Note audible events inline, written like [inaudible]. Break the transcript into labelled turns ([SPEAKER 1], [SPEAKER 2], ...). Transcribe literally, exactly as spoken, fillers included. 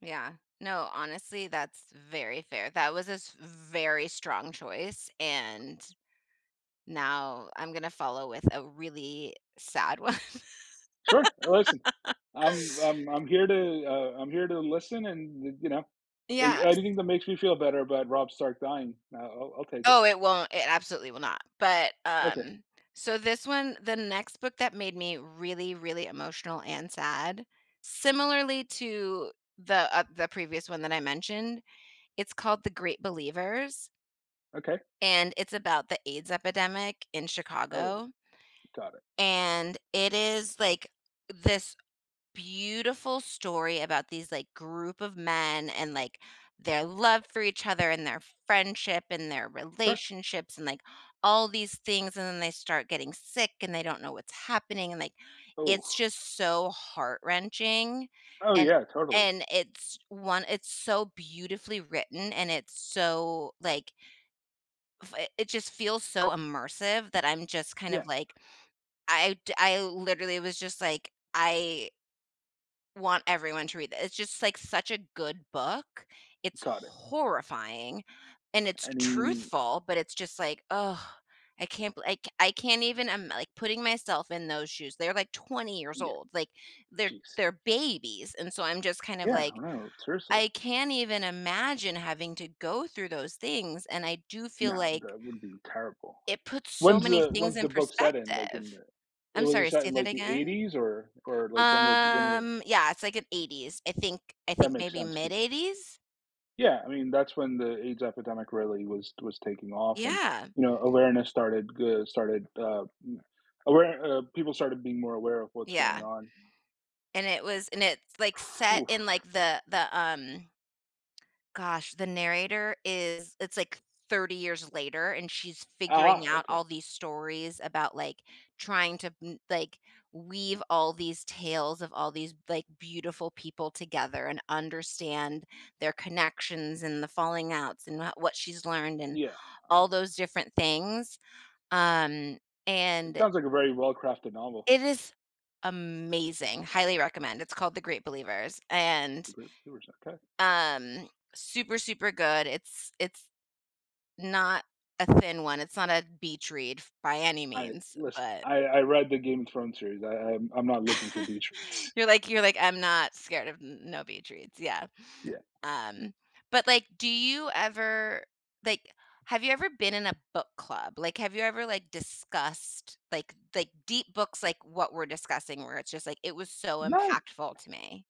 [SPEAKER 1] Yeah, no, honestly, that's very fair, that was a s very strong choice and now I'm gonna follow with a really sad one
[SPEAKER 2] Sure, uh, listen, I'm I'm
[SPEAKER 1] [laughs]
[SPEAKER 2] I'm here to uh, I'm here to listen and, eh, you know, a
[SPEAKER 1] Yes.
[SPEAKER 2] anything that makes me feel better about Rob Stark dying, I'll I'll I'll take it.
[SPEAKER 1] Oh, it won't, it absolutely will not, but,
[SPEAKER 2] Okay.
[SPEAKER 1] um So this one the next book that made me really, really emotional and sad, similarly to the, uh the previous one that I mentioned, it's called The Great Believers
[SPEAKER 2] Okay.
[SPEAKER 1] and it's about the AIDS epidemic in
[SPEAKER 2] Oh.
[SPEAKER 1] Chicago.
[SPEAKER 2] Got it.
[SPEAKER 1] And it is like, this beautiful story about these, like, group of men, and, like, their love for each other and their friendship and their
[SPEAKER 2] Sure.
[SPEAKER 1] relationships and, like, all these things, and then they start getting sick, and they don't know what's happening, and like, it's
[SPEAKER 2] Oh.
[SPEAKER 1] just so heart-wrenching,
[SPEAKER 2] Oh
[SPEAKER 1] and
[SPEAKER 2] yeah, totally.
[SPEAKER 1] and it's one it's so beautifully written, and it's so like f it it just feels so immersive that I'm just kind
[SPEAKER 2] Yeah.
[SPEAKER 1] of like I'd I literally was just like, I want everyone to read the it's just like such a good book. It's
[SPEAKER 2] Got it.
[SPEAKER 1] horrifying, and it's
[SPEAKER 2] I mean
[SPEAKER 1] truthful, but it's just like, oh, I can't beli I c I can't even I'm like putting myself in those shoes, they're like twenty years
[SPEAKER 2] Yeah.
[SPEAKER 1] old, like, they're
[SPEAKER 2] Jeez.
[SPEAKER 1] they're babies, and so I'm just kind of
[SPEAKER 2] Yeah,
[SPEAKER 1] like,
[SPEAKER 2] I know, seriously.
[SPEAKER 1] I can't even imagine having to go through those things, and I do feel
[SPEAKER 2] No,
[SPEAKER 1] like
[SPEAKER 2] that would be terrible.
[SPEAKER 1] it puts so
[SPEAKER 2] When's
[SPEAKER 1] many
[SPEAKER 2] the
[SPEAKER 1] things
[SPEAKER 2] when's
[SPEAKER 1] in
[SPEAKER 2] the book set in? Like in
[SPEAKER 1] perspective.
[SPEAKER 2] the eh,
[SPEAKER 1] I'm
[SPEAKER 2] was it
[SPEAKER 1] sorry,
[SPEAKER 2] set
[SPEAKER 1] say
[SPEAKER 2] in
[SPEAKER 1] that
[SPEAKER 2] like the
[SPEAKER 1] again?
[SPEAKER 2] eighties? or or like when was when w
[SPEAKER 1] Um, yeah, it's like an eighties I think I
[SPEAKER 2] That
[SPEAKER 1] think
[SPEAKER 2] makes
[SPEAKER 1] maybe
[SPEAKER 2] sense
[SPEAKER 1] mid
[SPEAKER 2] 'cause
[SPEAKER 1] eighties?
[SPEAKER 2] Yeah, I mean, that's when the AIDS epidemic really was was taking off and,
[SPEAKER 1] Yeah.
[SPEAKER 2] you know, awareness started g started, uh, m aware uh, people started being more aware of what's going
[SPEAKER 1] Yeah.
[SPEAKER 2] on.
[SPEAKER 1] And it was and it's, like, set
[SPEAKER 2] Oof.
[SPEAKER 1] in, like, the the, um Gosh, the narrator is it's like thirty years later, and she's figuring
[SPEAKER 2] Ah, ah,
[SPEAKER 1] out
[SPEAKER 2] okay.
[SPEAKER 1] all these stories about, like, trying to m like, we've all these tales of all these, like, beautiful people together and understand their connections and the falling outs, and wha what she's learned and
[SPEAKER 2] Yeah, oh
[SPEAKER 1] all
[SPEAKER 2] my
[SPEAKER 1] those different things, um,
[SPEAKER 2] It
[SPEAKER 1] and
[SPEAKER 2] sounds like a very well-crafted novel.
[SPEAKER 1] It is amazing, highly recommend, it's called The Great Believers, and
[SPEAKER 2] The Great Believers, okay.
[SPEAKER 1] Um, super, super good, it's it's not a thin one, it's not a beach read f by any
[SPEAKER 2] I
[SPEAKER 1] means,
[SPEAKER 2] listen,
[SPEAKER 1] but
[SPEAKER 2] I I read the Game of Thrones series, I I'm I'm not looking for
[SPEAKER 1] [chuckles]
[SPEAKER 2] beach reads.
[SPEAKER 1] You're like you're like, "I'm not scared of n no beach reads," yeah.
[SPEAKER 2] Yeah.
[SPEAKER 1] Um, but like, do you ever like, have you ever been in a book club? Like have you ever, like, discussed, like like, deep books, like, what we're discussing where it's just, like, "It was so impactful
[SPEAKER 2] [unintelligible]
[SPEAKER 1] to me"?